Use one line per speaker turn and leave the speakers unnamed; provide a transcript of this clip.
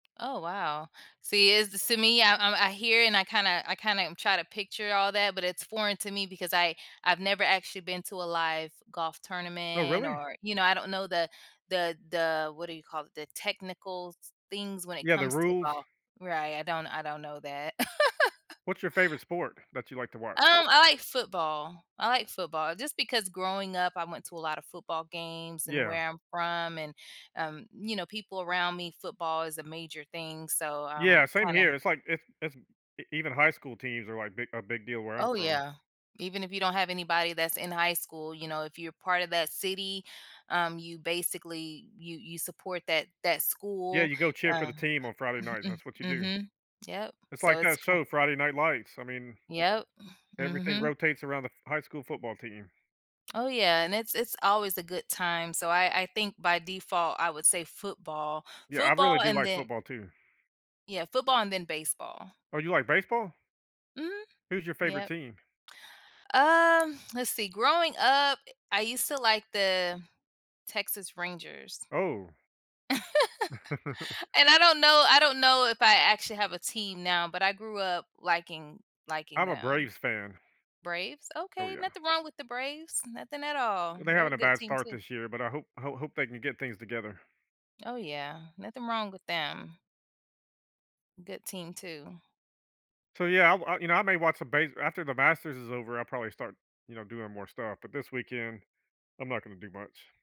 Oh, wow. See, it's s me, I'm I'm I hear, and I kinda I kinda m try to picture all that, but it's foreign to me because I I've never actually been to a live golf
Oh,
tournament
really?
or, you know, I don't know the the the what do you call it? The technicals s things when it
Yeah, the
comes to
rules.
golf, right? I don't I don't know that.
What's your favorite sport that you like to wat
Um, I like football. I like football just because growing up, I went to a lotta football games, and
Yeah.
where I'm from and, um, you know, people around me football is a major thing, so I'm
Yeah, same
kinda
here. It's like it's it's e even high school teams are, like, big a big deal where I'm
Oh,
from.
yeah. Even if you don't have anybody that's in high school, you know, if you're part of that city, um, you basically, you you support that that
Yeah,
school,
you go cheer for
uh
the team on Friday night that's what you do.
mhm. Yep.
It's
So,
like
it's
that
c
show, Friday Night Lights, I mean,
Yep.
everything
Mhm.
rotates around the f high school football team.
Oh, yeah and it's it's always a good time so, I I think by default, I would say football.
Yeah, I really
Football
do
and
like
then
football too.
yeah, football and then baseball.
Oh, you like baseball?
Mhm.
Who's your favorite
Yep.
team?
Uh, let's see growing up, I used to like the Texas Rangers
Oh.
and I don't know I don't know if I actually have a team now, but I grew up liking liking
I'm a
them.
Braves fan.
Braves?
Oh,
Okay,
yeah.
nothing wrong with the Braves. Nothing at all.
They're
They're a
having a
good
bad
team
start
too.
this year, but I hope ho hope they can get things together.
Oh, yeah. Nothing wrong with them. Good team too.
So, yeah, I w you know, I may watch some base after the Masters is over, I'll probably start, you know, doing more stuff, but this weekend, I'm not gonna do much.